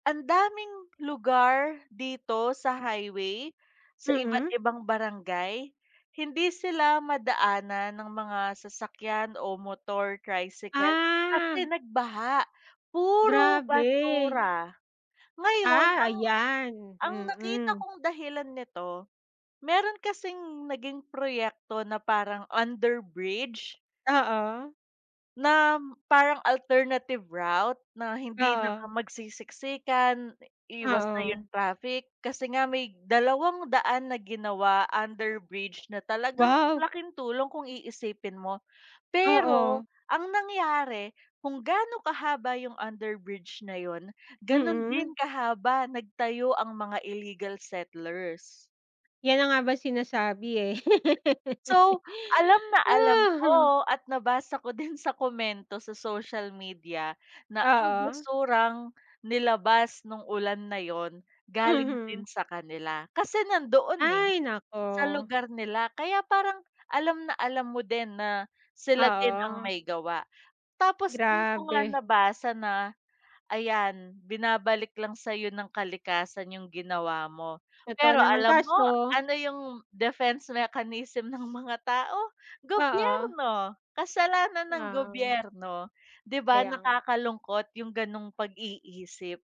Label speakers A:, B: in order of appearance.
A: Andaming lugar dito sa highway, sa iba't
B: Mm.
A: ibang barangay, hindi sila madaanan ng mga sasakyan o motor tricycle
B: Ah.
A: kasi nagbaha, puro
B: Grabe.
A: basura. Ngayon
B: Ah,
A: ang
B: ayan.
A: ang nakita
B: mm.
A: kong dahilan nito, meron kasing naging proyekto na parang underbridge
B: Oo.
A: nam parang alternative route na hindi na ka
B: Oo.
A: magsisiksikan, iwas na
B: Oo.
A: 'yong traffic. Kasi nga, may dalawang daan na ginawa underbridge na talagang ang
B: Wow.
A: laking tulong kung iisipin mo. Pero,
B: Oo.
A: ang nangyari, kung gaano kahaba 'yong underbridge na 'yon, gano'n din
B: Mm.
A: kahaba nagtayo ang mga illegal settlers.
B: Yan na nga ba sinasabi, eh.
A: So, alam na alam
B: Ah, ho.
A: ko at nabasa ko din sa komento sa social media na ang
B: Oo.
A: basurang nilabas no'ng ulan na 'yon, galing
B: Mhm.
A: din sa kanila. Kasi nandoon, eh,
B: Ay naku.
A: sa lugar nila, kaya parang, alam na alam mo din na, sila din ang
B: Oo.
A: may gawa. Tapos do'n ko nga
B: Grabe.
A: nabasa na, ayan binabalik lang sa'yo ng kalikasan 'yong ginawa mo.
B: Totoo
A: Pero
B: naman.
A: alam mo,
B: Kaso
A: ano 'yong defense mechanism ng mga tao?
B: Oo.
A: Gobyerno, kasalanan ng
B: Ngaw.
A: gobyerno, 'di ba,
B: Kaya nga. Kaya
A: nakakalungkot 'yong gano'ng pag-iisip.